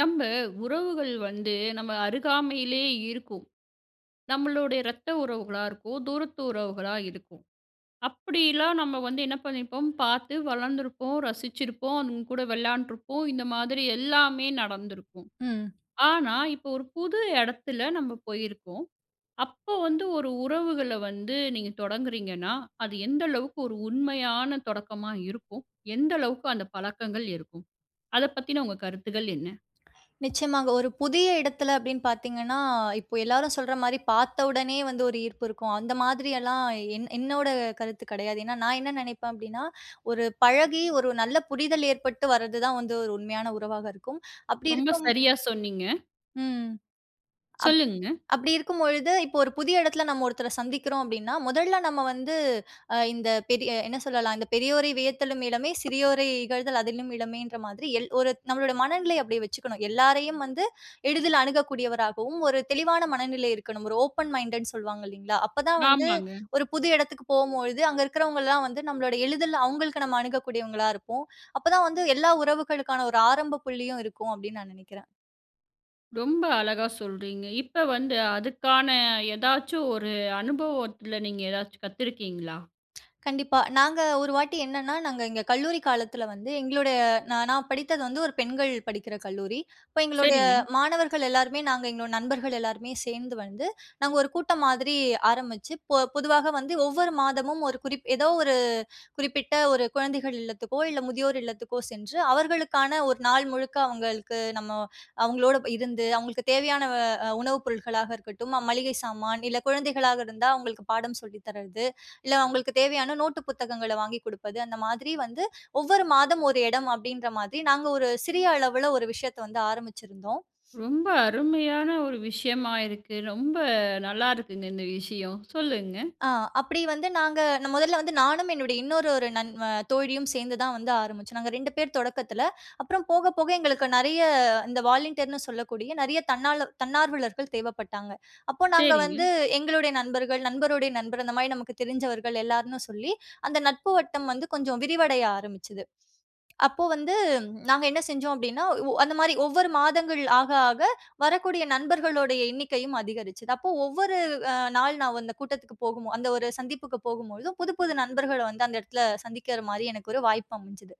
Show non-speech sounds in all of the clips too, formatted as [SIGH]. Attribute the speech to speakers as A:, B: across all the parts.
A: நம்ம உறவுகள் வந்து நம்ம அருகாமையிலேயே இருக்கும். நம்மளுடைய ரத்த உறவுகளா இருக்கும். தூரத்து உறவுகளா இருக்கும். அப்பிடிலாம் நம்ம வந்து என்ன பண்ணியிருப்போம், பார்த்து வளர்ந்துருப்போம், ரசிச்சிருப்போம். அவுங்ககூட விளையாண்டுருப்போம். இந்த மாதிரி எல்லாமே நடந்திருக்கும்.
B: ம்.
A: ஆனா, இப்போ ஒரு புது இடத்தில நம்ம போயிருக்கோம். அப்போ வந்து ஒரு உறவுகள வந்து நீங்க தொடங்குறீங்கன்னா, அது எந்த அளவுக்கு ஒரு உண்மையான தொடக்கமாக இருக்கும்? எந்த அளவுக்கு அந்த பழக்கங்கள் இருக்கும்? அத பத்தின உங்க கருத்துக்கள் என்ன?
B: நிச்சயமாங்க. ஒரு புதிய இடத்தில அப்பிடின்னு பார்த்தீங்கன்னா, இப்ப எல்லாரும் சொல்றமாரி பார்த்த உடனே வந்து ஒரு ஈர்ப்பு இருக்கும். அந்த மாதிரி எல்லாம் என் என்னோட கருத்து கிடையாது. ஏன்னா, நான் என்ன நினைப்பேன் அப்பிடின்னா, ஒரு பழகி ஒரு நல்ல புரிதல் ஏற்பட்டு வர்றதுதான் வந்து ஒரு உண்மையான உறவாக இருக்கும். அப்பிடி
A: ரொம்ப
B: இருக்கும்
A: சரியா சொன்னீங்க.
B: ம். அப்
A: சொல்லுங்கங்க.
B: அப்பிடி இருக்கும்பொழுது இப்ப ஒரு புதிய இடத்தில நம்ம ஒருத்தர சந்திக்கிறோம் அப்பிடின்னா, முதல்ல நம்ம வந்து அ இந்த பெரிய என்ன சொல்லலாம்? இந்த "பெரியோரை வியத்தலும் இலமே! சிறியோரை இகழ்தல் அதனினும் இலமே" ன்ற மாதிரி எல் ஒரு நம்மளோட மனநிலை அப்பிடியே வச்சுக்கணும். எல்லாரையும் வந்து எளிதில அணுகக்கூடியவராகவும், ஒரு தெளிவான மனநிலை இருக்கணும். ஒரு ஓப்பன் மைண்டட்டு ன்னு சொல்வாங்க இல்லேங்களா! அப்ப தான் வந்து
A: ஆமாங்க.
B: ஒரு புது இடத்துக்கு போம்பொழுது, அங்க இருக்கிறவங்கலாம் வந்து நம்மளோட எளிதில் அவுங்களுக்கு நம்ம அணுகக்கூடியவங்களாக இருப்போம். அப்ப தான் வந்து எல்லா உறவுகளுக்கான ஒரு ஆரம்ப புள்ளியும் இருக்கும், அப்பிடின்னு நான் நினைக்கிறேன்.
A: ரொம்ப அழகா சொல்றீங்க. இப்ப வந்து அதுக்கான ஏதாச்சும் ஒரு அனுபவத்துல நீங்க ஏதாச்சும் கத்திருக்கீங்களா?
B: கண்டிப்பா. நாங்க ஒரு வாட்டி என்னன்னா, நாங்க எங்க கல்லூரி காலத்துல வந்து, எங்களுடைய நான் நான் படித்தது வந்து ஒரு பெண்கள் படிக்கிற கல்லூரி. அப்போ எங்களுடைய
A: சரிங்க.
B: மாணவர்கள் எல்லோருமே நாங்க எங்களோட நண்பர்கள் எல்லாருமே சேந்து வந்து, நாங்க ஒரு கூட்டம் மாதிரி ஆரம்பிச்சு, பொ பொதுவாக வந்து ஒவ்வொரு மாதமும் ஒரு குறிப் ஏதோ ஒரு குறிப்பிட்ட ஒரு குழந்தைகள் இல்லத்துக்கோ இல்ல முதியோர் இல்லத்துக்கோ சென்று அவர்களுக்கான ஒரு நாள் முழுக்க அவுங்களுக்கு நம்ம அவுங்களோட ப இருந்து அவுங்களுக்கு தேவையான அ உணவு பொருட்களாக இருக்கட்டும், மளிகை சாமான் இல்ல குழந்தைகளாக இருந்தா அவுங்களுக்கு பாடம் சொல்லி தர்றது, இல்ல அவுங்களுக்கு தேவையான நோட்டு புத்தகங்கள வாங்கி குடுப்பது. அந்த மாதிரி வந்து ஒவ்வொரு மாதம் ஒரு இடம் அப்டீன்ற மாதிரி நாங்க ஒரு சிறிய அளவுல ஒரு விஷயத்த வந்து ஆரம்பிச்சுருந்தோம்.
A: ரொம்ப அருமையான ஒரு விஷயமா இருக்கு. ரொம்ப நல்லாருக்குங்க. இந்த விஷயம். சொல்லுங்க.
B: ஆ. அப்பிடி வந்து, நாங்க நா மொதல்ல வந்து நானும் என்னுடை இன்னொரு ஒரு நண் வ தோழியும் சேர்ந்து தான் வந்து ஆரம்பிச்சோம். நாங்க 2 பேர் தொடக்கத்துல. அப்பறம் போக போக எங்களுக்கு நெறைய இந்த வாலண்டியர்ன் னு சொல்லக்கூடிய நெறைய தன்னார் தன்னார்வலர்கள் தேவப்பட்டாங்க. அப்போ நாங்க வந்து
A: சரிங்க.
B: எங்களுடைய நண்பர்கள், நண்பருடைய நண்பர் அந்த மாரி நமக்கு தெரிஞ்சவர்கள் எல்லார்ன்னு சொல்லி, அந்த நட்பு வட்டம் வந்து கொஞ்சம் விரிவடைய ஆரம்பிச்சிது. அப்போ வந்து நாங்க என்ன செஞ்சோம் அப்டீன்னா உ அந்த மாரி ஒவ்வொரு மாதங்கள் ஆக ஆக வரக்கூடிய நண்பர்களுடைய எண்ணிக்கையும் அதிகரிச்சிது. அப்போ ஒவ்வொரு வ் அ நாள் நான் அந்த கூட்டத்துக்கு போகும் அந்த ஒரு சந்திப்புக்கு போகும்பொழுதும் புது புது நண்பர்கள வந்து அந்த எடத்துல சந்திக்குற மாரி எனக்கு ஒரு வாய்ப்பு அமஞ்சது.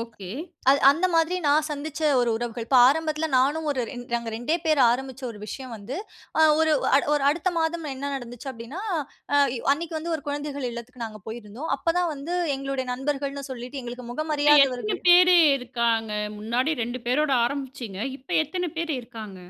A: ஓகே.
B: அது அந்த மாரி நான் சந்திச்ச ஒரு உறவுகள். இப்போ ஆரம்பத்துல நானும் ஒரு நாங்க 2டே பேர் ஆரம்பிச்ச ஒரு விஷயம் வந்து, ஆ ஒரு அட ஒரு அடுத்த மாதம் என்ன நடந்துச்சு அப்டீன்னா, அ அன்னைக்கி வந்து ஒரு குழந்தைகள் இல்லத்திற்கு நாங்க போயிருந்தோம். அப்போ தான் வந்து எங்களுடைய நண்பர்கள்ன்னு சொல்லிட்டு எங்களுக்கு முகம்
A: இப்ப எத்தன
B: அறியாதவர்கள்.
A: பேர் இருக்காங்க? முன்னாடி 2 பேரோடு ஆரம்பிச்சீங்க. இப்ப எத்தனை பேர் இருக்காங்க?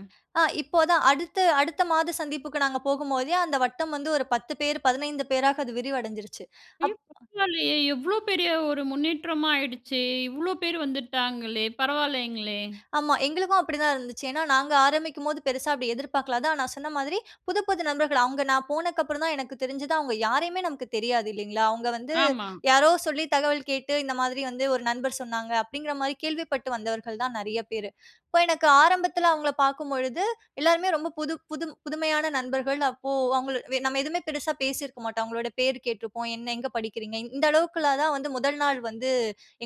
B: ஆ. இப்போ தான் அடுத்து அடுத்த மாதம் சந்திப்புக்கு நாங்க போகும் போதே அந்த வட்டம் வந்து ஒரு 10 பேர் 15 பேராக விரிவடைஞ்சிருச்சு.
A: ஐயோ!
B: அப்
A: பரவால்லயே. எவ்ளோ பெரிய ஒரு முன்னேற்றமா ஆயிடுச்சு? இவ்ளோ பேர் வந்துட்டாங்களே! பரவால்லேங்களே!
B: ஆமா. எங்களுக்கும் அப்பிடி தான் இருந்துச்சு. ஏன்னா, நாங்க ஆரம்பிக்கும்போது பெருசா அப்பிடி எதிர்பார்க்கல. அதான் நான் சொன்ன மாதிரி, புது புது நண்பர்கள் அவங்க நான் போனக்கப்பறம் தான் எனக்கு தெரிஞ்சது, அவங்க யாரையுமே நமக்கு தெரியாது, இல்லீங்களா? அவங்க வந்து
A: ஆமா.
B: யாரோ சொல்லி தகவல் கேட்டு, "இந்த மாதிரி வந்து ஒரு நண்பர் சொன்னாங்க" அப்டீங்குற மாதிரி கேள்விப்பட்டு வந்தவர்கள் தான் நெறைய பேரு. இப்போ எனக்கு ஆரம்பத்துல அவுங்கள பாக்கும் பொழுது எல்லோருமே ரொம்ப புது புது புதுமையான நண்பர்கள். அப்போ அவுங்க வே நம்ம எதுவுமே பெருசா பேசிருக்க மாட்டோம். அவங்களோட பேரு கேட்டருப்போம். "என்ன எங்க படிக்கிறீங்க?" இந்த அளவுக்குள்ள தான் வந்து முதல் நாள் வந்து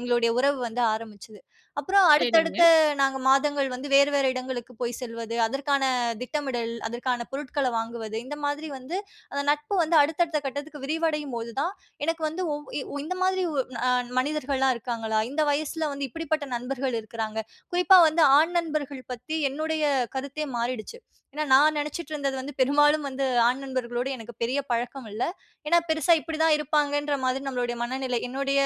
B: எங்களுடைய உறவு வந்து ஆரம்பிச்சது. அப்பறம்
A: செரிங்க.
B: அடுத்தடுத்த நாங்க மாதங்கள் வந்து வேறு வேறு இடங்களுக்கு போய் செல்வது, அதற்கான திட்டமிடல், அதற்கான பொருட்கள வாங்குவது இந்த மாத்ரி வந்து அந்த நட்பு வந்து அடுத்தடுத்த கட்டத்துக்கு விரிவடையும் போது, தான் எனக்கு வந்து, ஒ இ இந்த மாதிரி அ ஒரு மனிதர்கள்லாம் இருக்காங்களா? இந்த வயசுல வந்து இப்பிடிப்பட்ட நண்பர்கள் இருக்குறாங்க. குறிப்பா வந்து ஆண் நண்பர்கள் பத்தி என்னுடைய கருத்தே மாறிடுச்சு. ஏன்னா நான் நெனைச்சிட்டு இருந்தது வந்து பெரும்பாலும் வந்து ஆண் நண்பர்களோடு எனக்கு பெரிய பழக்கம் இல்ல. ஏன்னா பெருசா இப்படி தான் இருப்பாங்கன்ற மாதிரி நம்மளுடைய மனநிலை. என்னுடைய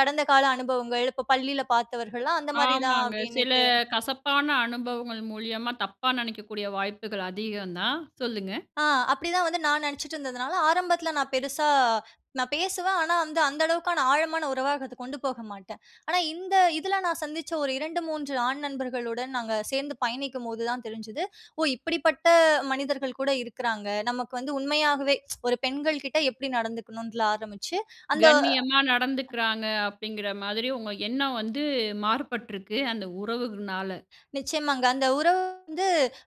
B: கடந்த கால அனுபவங்கள், இப்போ பள்ளியில பாத்தவர்கள்லாம் அந்த மாதிரி தான்,
A: ஆமாங்க. சில
B: அப்டீன்னுட்டு
A: கசப்பான அனுபவங்கள் மூலியமா தப்பா நெனைக்கக்கூடிய வாய்ப்புகள் அதிகம் தான். சொல்லுங்க.
B: ஆ. அப்டிதான் வந்து நான் நெனச்சிட்ருந்ததுனால ஆரம்பத்துல நான் பெருசா அ, நான் பேசுவேன். ஆனா அந்த அந்த அளவுக்கான ஆழமான உறவா அத கொண்டு போக மாட்டேன். ஆனா, இந்த இதுல நான் சந்திச்ச ஒரு 2, 3 ஆண் நண்பர்களுடன் நாங்க சேந்து பயணிக்கும்போது தான் தெரிஞ்சுது, "ஓ இப்பிடிப்பட்ட மனிதர்கள் கூட இருக்குறாங்க! நமக்கு வந்து உண்மையாகவே [TSK] ஒரு பெண்கள் கிட்ட எப்பிடி நடந்துக்கணும்னு ஆரம்பிச்சு, அந்த உ
A: கண்ணியமா நடந்துக்குறாங்க அப்டீங்குற மாதிரி, உங்க எண்ணம் வந்து மாறுபட்ருக்கு, அந்த உறவுகனால.
B: நிச்சயமாங்க. அந்த உறவு வந்து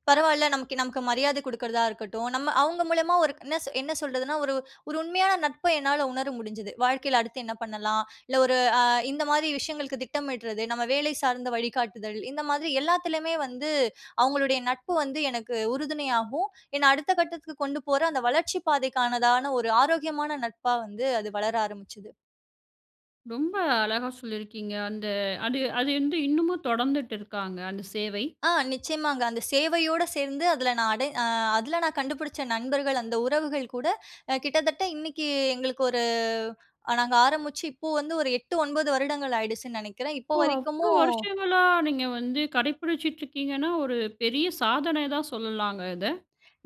B: பரவால்ல. நமக்கு நமக்கு மரியாத குடுக்குறதா இருக்கட்டும். நம்ம அவுங்க மூலமா ஒரு என்ன என்ன சொல்றதுன்னா, ஒரு ஒரு உண்மையான நட்ப என்னால உணர முடிஞ்சிச்சு. வாழ்க்கையில அடுத்து என்ன பண்ணலாம்? இல்ல ஒரு அ இந்த மாத்ரி விஷயங்களுக்கு திட்டமிடறது. நம்ம வேலை சார்ந்த வழிகாட்டுதல். இந்த மாதிரி எல்லாத்துலயுமே வந்து அவுங்களுடைய நட்பு வந்து எனக்கு உறுதுணையாகுவும், என்னை அடுத்த கட்டத்துக்கு கொண்டு போகுற அந்த வளர்ச்சிப் பாதைக்கானதான ஒரு ஆரோக்கியமான நட்பா வந்து அது வளர ஆரம்பிச்சது.
A: ரொம்ப அழகா சொல்லியிருக்கீங்க. அந்த அது அது வந்து இன்னமும் தொடர்ந்துட்டு இருக்காங்க? அந்த சேவை.
B: ஆ நிச்சயமாங்க. அந்த சேவையோட சேர்ந்து அதில நான் அடை அ அதில நான் கண்டுபிடிச்ச நண்பர்கள் அந்த உறவுகள்கூட அ கிட்டத்தட்ட இன்னக்கி எங்களுக்கு ஒரு நாங்க ஆரம்முச்சு இப்ப வந்து ஒரு 8, 9 வருடங்கள் ஆயிடுச்சுன்னு நினைக்கிறேன். இப்போ
A: ஓ!
B: வரைக்கும்மு
A: அவ்ளோ வருஷங்களா நீங்க வந்து கடைப்பிடிச்சிட்டு இருக்கீங்கன்னா, ஒரு பெரிய சாதன தான் சொல்லலாங்க இத.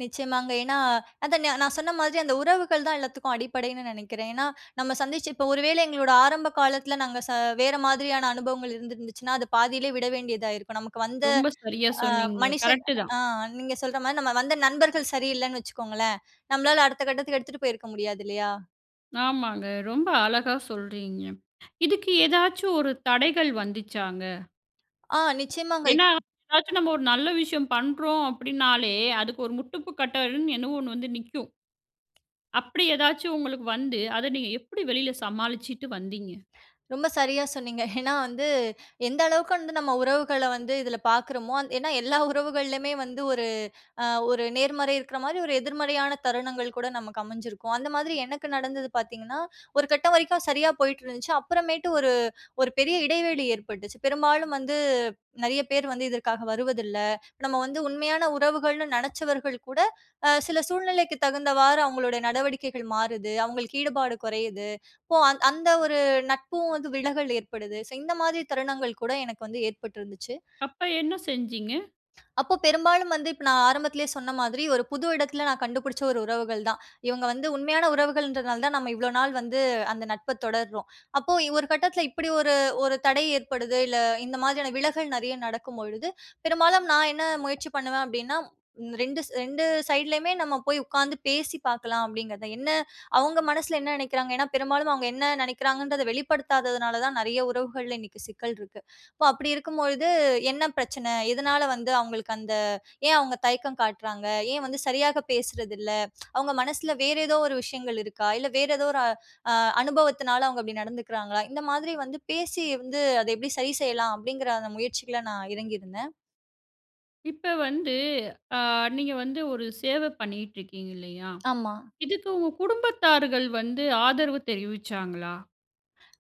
B: நிச்சயமாங்க. ஏன்னா, அத நா நான் சொன்ன மாரி அந்த உறவுகள் தான் எல்லாத்துக்கும் அடிப்படைன்னு நினைக்கிறேன். ஏன்னா, நம்ம சந்திச்சு இப்ப ஒரு வேள எங்களோட ஆரம்ப காலத்தில நாங்க ச வேற மாதிரியான அனுபவங்கள் இருந்திருந்துச்சுன்னா, அது பாதியிலே விட வேண்டியதாயிருக்கும். நமக்கு வந்த
A: ரொம்ப சரியா
B: அ
A: சொன்னீங்க.
B: மனுஷன்
A: கரெக்ட்டு தான்.
B: ஆ நீங்க சொல்றமாரி நம்ம வந்த நண்பர்கள் சரியில்லன்னு வச்சுக்கோங்களேன், நம்மளால அடுத்த கட்டத்துக்கு எடுத்துட்டு போயிருக்க முடியாது இல்லயா?
A: ஆமாங்க. ரொம்ப அழகா சொல்றீங்க. இதுக்கு ஏதாச்சு ஒரு தடைகள் வந்துச்சாங்க?
B: ஆ நிச்சயமாங்க, இப்
A: ஏன்னா, ஏதாச்சும் நம்ம ஒரு நல்ல விஷயம் பண்றோம் அப்பிடினாலே, அதுக்கு ஒரு முட்டுப்பு கட்டன்னு, என்னவோ 1 வந்து நிக்கும். அப்படி ஏதாச்சும் உங்களுக்கு வந்து, அத நீங்க எப்பிடி வெளில சமாளிச்சிட்டு வந்தீங்க?
B: ரொம்ப சரியா சொன்னீங்க. ஏன்னா, வந்து எந்த அளவுக்கு வந்து நம்ம உறவுகள வந்து இதில பார்க்குறமோ, அந் ஏன்னா, எல்லா உறவுகள்லயுமே வந்து ஒரு அ ஒரு நேர்மறை இருக்கிற மாரி ஒரு எதிர்மறையான தருணங்கள் கூட நமக்கு அமைஞ்சிருக்கும். அந்த மாதிரி எனக்கு நடந்தது பார்த்தீங்கன்னா, ஒரு கட்டம் வரைக்கும் சரியா போயிட்டு இருந்துச்சு. அப்புறமேட்டு ஒரு ஒரு பெரிய இடைவெளி ஏற்பட்டுச்சு. பெரும்பாலும் வந்து நிறைய பேர் வந்து, இதற்காக வருவதில்ல. நம்ம வந்து உண்மையான உறவுகள்னு நினச்சவர்கள் கூட அ சில சூழ்நிலைக்கு தகுந்தவாறு அவுங்களோட நடவடிக்கைகள் மாறுது. அவுங்களுக்கு ஈடுபாடு குறையுது. ஸோ, அ அந்த ஒரு நட்பும் வந்து விலகல் ஏற்படுது. ஸோ, இந்த மாதிரி தருணங்கள் கூட எனக்கு வந்து ஏற்பட்டிருந்துச்சு.
A: அப்ப என்ன செஞ்சீங்க?
B: அப்போ பெரும்பாலும் வந்து, இப்ப நான் ஆரம்பத்திலேயே சொன்ன மாதிரி, ஒரு புது இடத்தில நான் கண்டுபுடுச்ச ஒரு உறவுகள் தான். இவுங்க வந்து உண்மையான உறவுகள்ன்றதுனால தான் நம்ம இவ்ளோ நாள் வந்து, அந்த நட்ப தொடர்றோம். அப்போ இ ஒரு கட்டத்தில இப்பிடி ஒரு ஒரு தடை ஏற்படுது இல்ல, இந்த மாதிரியான விலகல் நிறைய நடக்கும்பொழுது, பெரும்பாலும் நான் என்ன முயற்சி பண்ணுவேன் அப்பிடின்னா, 2 2 சைட்லயுமே நம்ம போய் உட்கார்ந்து பேசி பார்க்கலாம் அப்பிடிங்கிறதா, என்ன, அவுங்க மனசில என்ன நினைக்கிறாங்க? ஏன்னா, பெரும்பாலும் அவுங்க என்ன நினைக்கிறாங்கன்றத வெளிப்படுத்தாததுனால தான் நிறைய உறவுகள்ல இன்னக்கி சிக்கல் இருக்கு. அப்போ, அப்பிடி இருக்கும்பொழுது என்ன பிரச்சன? எதுனால வந்து அவுங்களுக்கு அந்த ஏன் அவுங்க தயக்கம் காட்றாங்க? ஏன் வந்து சரியாக பேசுறதில்ல? அவுங்க மனசுல வேற ஏதோ ஒரு விஷயங்கள் இருக்கா? இல்ல வேற ஏதோ ஒரு அ அனுபவத்தினால அவுங்க அப்பிடி நடந்துக்கிறாங்களா? இந்த மாதிரி வந்து பேசி வந்து, அத எப்பிடி சரி செய்யலாம்? அப்பிடிங்கிற அந்த முயற்சிகள்ல நான் இறங்கியிருந்தேன்.
A: இப்ப வந்து அ நீங்க வந்து 1 சேவ பண்ணீட்ருக்கீங்க இல்லையா?
B: ஆமா.
A: இதுக்கு உங்க குடும்பத்தார்கள் வந்து ஆதரவு தெரிவிச்சாங்களா?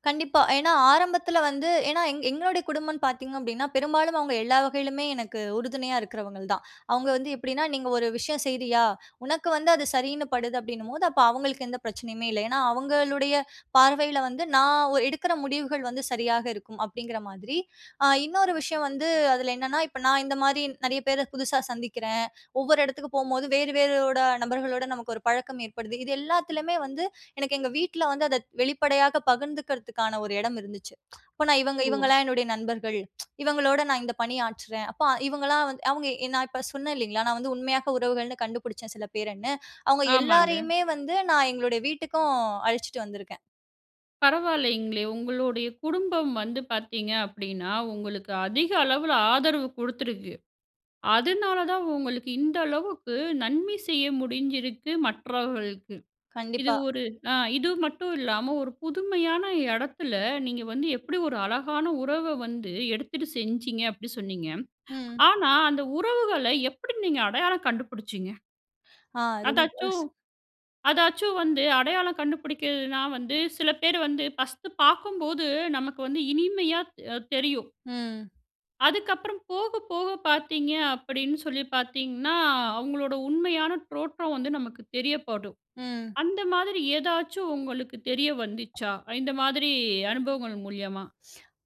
B: கண்டிப்பா, ஏன்னா ஆரம்பத்துல வந்து, ஏன்னா எங் எங்களுடைய குடும்பம்ன்னு பாத்தீங்க அப்படீன்னா, பெரும்பாலும் அவங்க எல்லா வகையிலுமே எனக்கு உறுதுணையா இருக்குறவங்கள்தான். அவங்க வந்து எப்படீன்னா, நீங்க ஒரு விஷயம் செய்றியா, "உனக்கு வந்து அது சரின்னு படுது." அப்படீன்னும்போது, அப்ப அவங்களுக்கு எந்த பிரச்சனையுமே இல்ல. ஏன்னா, அவங்களுடைய பார்வைல வந்து, "நான் ஒ எடுக்குற முடிவுகள் வந்து சரியாக இருக்கும்." அப்படீங்கிற மாதிரி. அ இன்னொரு விஷயம் வந்து, அதுல என்னன்னா இப்ப நான் இந்த மாரி நெறைய பேர புதுசா சந்திக்கிறேன், ஒவ்வொரு எடத்துக்கும் போகும்போது வேறு வேறோட நபர்களோட நமக்கு ஒரு பழக்கம் ஏற்படுது. இது எல்லாத்துலமே வந்து, எனக்கு எங்க வீட்ல வந்து அத வெளிப்படையாக பகிர்ந்துக்குறதுக்கான ஒரு எடம் இருந்துச்சு. அப்ப நான் இவங்க
A: ஓ!
B: இவங்கள்லாம் என்னுடைய நண்பர்கள், இவங்களோட நான் இந்த பணியாற்றுறேன். அப்ப இவங்கள்லாம் வந்து அவங்க எ நான் இப்ப சொன்னேன் இல்லைங்களா? நான் வந்து உண்மையாக உறவுகள்ன்னு கண்டுபுடிச்சேன் சில பேருன்னு. அவங்க
A: ஆமாங்க.
B: எல்லாரையுமே வந்து நான் எங்களுடைய வீட்டுக்கும் அழைச்சிட்டு வந்துருக்கேன்.
A: பரவால்லைங்களே! உங்களுடைய குடும்பம் வந்து பார்த்தீங்க அப்படீன்னா, உங்களுக்கு அதிக அளவுல ஆதரவு குடுத்திருக்கு. அதனாலதான், உங்களுக்கு இந்த அளவுக்கு நன்மை செய்ய முடிஞ்சிருக்கு மற்றவர்களுக்கு. இது
B: கண்டிப்பா.
A: ஒரு அ இது மட்டும் இல்லாம, "ஒரு புதுமையான எடத்துல, நீங்க வந்து எப்படி ஒரு அழகான உறவ வந்து எடுத்துட்டு செஞ்சீங்க." அப்படி சொன்னீங்க.
B: ம்.
A: ஆனா, அந்த உறவுகள எப்படி நீங்க அடையாளம் கண்டுபுடிச்சீங்க?
B: ஆ. ரொம்ப
A: அதாச்சும்
B: ச
A: அதாச்சும் வந்து அடையாளம் கண்டுபுடிக்கிறதுன்னா வந்து, சில பேர் வந்து ஃபர்ஸ்ட் பார்க்கும்போது, நமக்கு வந்து இனிமையா அ தெரியும்.
B: ம்.
A: அதுக்கப்பறம், போக போக பாத்தீங்க, அப்படினு சொல்லி பாத்தீங்கனா, அவுங்களோட உண்மையான தோற்றம் வந்து, நமக்கு தெரியப்படும்.
B: ம்.
A: அந்த மாதிரி ஏதாச்சும், உங்களுக்கு தெரிய வந்துச்சா? இந்த மாதிரி அனுபவங்கள் மூலியமா.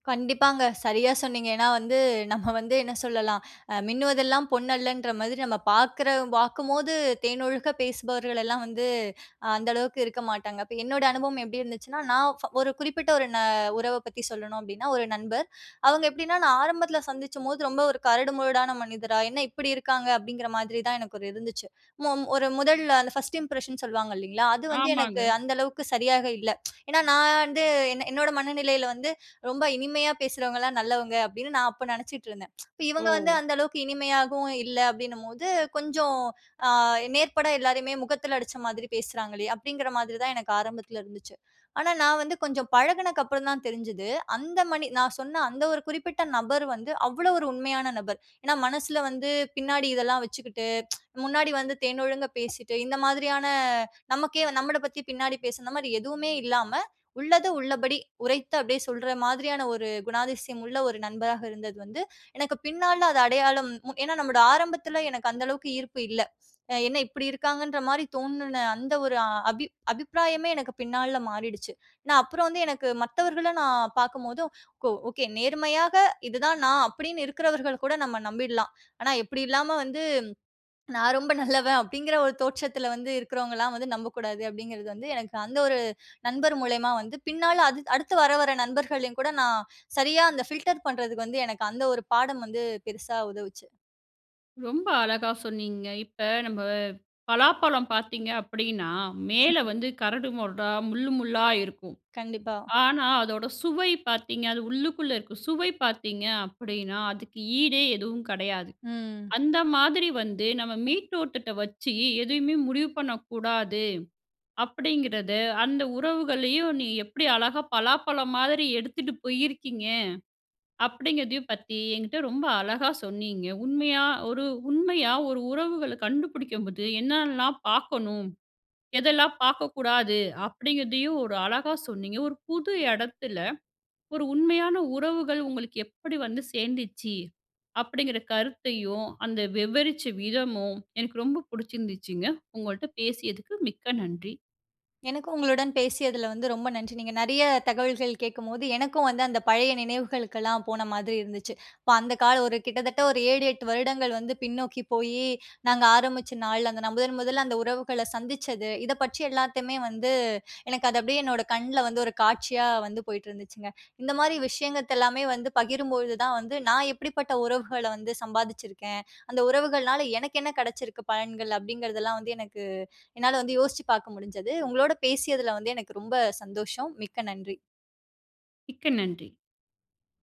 B: கண்டிப்பாங்க. சரியா சொன்னீங்க. ஏன்னா வந்து, [CHUCKLES] நம்ம வந்து என்ன சொல்லலாம்? அ மின்னுவதெல்லாம் பொன்னல்லன்ற மாதிரி, நம்ம பார்க்குற பார்க்கும்போது தேனொழுக பேசுபவர்கள் எல்லாம் வந்து, அந்த அளவுக்கு இருக்க மாட்டாங்க. இப்ப என்னோட அனுபவம் எப்படி இருந்துச்சுன்னா, நான் ஒரு குறிப்பிட்ட ஒரு நா உறவ பத்தி சொல்லணும். அப்படின்னா, ஒரு நண்பர். அவங்க எப்படின்னா, நான் ஆரம்பத்தில சந்திச்சம்போது, ரொம்ப ஒரு கரடு முரடான மனிதரா, என்ன இப்படி இருக்காங்க? அப்படிங்கிற மாதிரி தான், எனக்கு ஒரு இருந்துச்சு. மொ ஒரு முதல்ல, அந்த ஃபர்ஸ்ட் இம்ப்ரஷன் சொல்வாங்க, இல்லைங்களா? அது வந்து
A: ஆமாங்க.
B: எனக்கு அந்த அளவுக்கு சரியாக இல்ல. [TSK] ஏன்னா நான் வந்து என் என்னோட மனநிலையில் வந்து ரொம்ப இனிமையா பேசுறவங்கலாம் நல்லவங்க, அப்படின்னு நான் அப்ப நினைச்சிட்டு இருந்தேன். [TSK] இவங்க வந்து,
A: ஓ!
B: அந்த அளவுக்கு இனிமையாகவும் இல்ல, அப்படின்னம்போது, கொஞ்சம் அ, நேர்பட எல்லாரையுமே, முகத்தில அடிச்ச மாதிரி பேசுறாங்களே! அப்படிங்கிற மாதிரி தான், எனக்கு ஆரம்பத்தில இருந்துச்சு. ஆனா, நான் வந்து கொஞ்சம் பழகினக்க அப்புறம் தான் தெரிஞ்சது, அந்த மனி நான் சொன்ன அந்த ஒரு குறிப்பிட்ட நபர் வந்து, அவ்வளோ ஒரு உண்மையான நபர். ஏனா, மனசுல வந்து பின்னாடி இதெல்லாம் வச்சுக்கிட்டு, [TSK] முன்னாடி வந்து தேன் ஒழுங்க பேசிட்டு, இந்த மாதிரியான நமக்கே, நம்மள பத்தி பின்னாடி பேசி, இந்த மாரி எதுவுமே இல்லாம, உள்ளது உள்ளபடி உரைத்து, அப்படியே சொல்ற மாதிரியான, ஒரு குணாதிசயம் உள்ள ஒரு நண்பராக இருந்தது வந்து, எனக்கு பின்னாள்ல, அது அடையாளம் ஏனா, நம்முடைய ஆரம்பத்தில, எனக்கு அந்த அளவுக்கு ஈர்ப்பு இல்ல. என்ன இப்படி இருக்காங்கன்ற மாரி தோணுன, அந்த ஒரு அபிப் அபிப்பிராயமே எனக்கு பின் நாள்ல மாறிடுச்சு. நான் அப்புறம் வந்து, எனக்கு மத்தவர்கள நான் பார்க்கும்போது, ஓ ஓகே நேர்மையாக இதுதான் நான். அப்படின்னு இருக்கிறவர்கள் கூட நம்ம நம்பிடலாம். ஆனா இப்படி இல்லாம வந்து, "நான் ரொம்ப நல்லவன்" அப்படிங்கிற ஒரு தோற்றத்தில வந்து இருக்கிறவங்கலாம் வந்து நம்பக்கூடாது, அப்படிங்கிறது வந்து எனக்கு அந்த ஒரு நண்பர் மூலியமா வந்து, பின் நாள்ல அ அடுத்து வர, வர நண்பர்களையும் கூட, நான் சரியா அந்த ஃபில்டர் பண்ணுறதுக்கு வந்து, எனக்கு அந்த ஒரு பாடம் வந்து, பெருசா உதவுச்சு.
A: ரொம்ப அழகா சொன்னீங்க. இப்ப நம்ம பலாப்பழம் பார்த்தீங்க அப்பிடின்னா, மேலே
B: [LAUGHS]
A: வந்து கரடு முரடா முள்ளு, முள்ளா இருக்கும்.
B: கண்டிப்பா.
A: ஆனா அதோட சுவை பார்த்தீங்க அது உள்ளுக்குள்ளே இருக்க சுவை பார்த்தீங்க அப்பிடின்னா, அதுக்கு ஈடே எதுவும் கிடையாது.
B: ம்.
A: அந்த மாதிரி வந்து நம்ம மேல்த்தோற்றத்த வச்சு எதையுமே முடிவு பண்ணக்கூடாது. அப்பிடிங்கிறது அந்த உறவுகளையும், நீங்க எப்பிடி அழகா பலாப்பழ மாதிரி எடுத்துட்டு போயிருக்கீங்க? அப்பிடிங்கிறதையும் பத்தி என்கிட்ட ரொம்ப அழகா சொன்னீங்க. உண்மையா ஒரு உண்மையா ஒரு உறவுகள கண்டுபிடிக்கும் போது என்னலாம் பார்க்கணும்? எதெல்லாம் பார்க்கக்கூடாது? அப்பிடிங்கிறதையும் ஒரு அழகா சொன்னீங்க. ஒரு புது இடத்தில ஒரு உண்மையான உறவுகள் உங்களுக்கு எப்பிடி வந்து சேர்ந்துச்சு? அப்பிடிங்கிற கருத்தையும், அந்த விவரிச்ச விதமும் எனக்கு ரொம்ப பிடிச்சிருந்துச்சுங்க. உங்கள்ட்ட பேசியதுக்கு மிக்க நன்றி.
B: எனக்கு உங்களுடன் பேசியதில வந்து ரொம்ப நன்றி. நீங்க நிறைய தகவல்கள் கேட்கும்போது எனக்கும் வந்து அந்த பழைய நினைவுகளுக்கெல்லாம் போன மாதிரி இருந்துச்சு. இப்போ அந்த கால ஒரு கிட்டத்தட்ட ஒரு 7, 8 வருடங்கள் வந்து பின்னோக்கி போய், நாங்க ஆரம்பிச்ச நாள்ல, நான் முதன் முதலா அந்த உறவுகளை சந்திச்சது, இத பற்றி எல்லாத்தையுமே வந்து எனக்கு அது அப்பிடியே, என்னோட கண்ணில வந்து ஒரு காட்சியா வந்து போயிட்டு இருந்துச்சுங்க. இந்த மாதிரி விஷயங்கள் எல்லாமே வந்து பகிரும்பொழுது தான் வந்து, நான் எப்படிப்பட்ட உறவுகள வந்து சம்பாதிச்சுருக்கேன்? அந்த உறவுகள்னால எனக்கு என்ன கிடைச்சிருக்கு பலன்கள்? அப்பிடிங்கிறதெல்லாம் வந்து எனக்கு என்னால வந்து யோசிச்சு பார்க்க முடிஞ்சது. உங்களோட பேசியதில வந்து எனக்கு ரொம்ப சந்தோஷம். மிக்க நன்றி.
A: மிக்க நன்றி.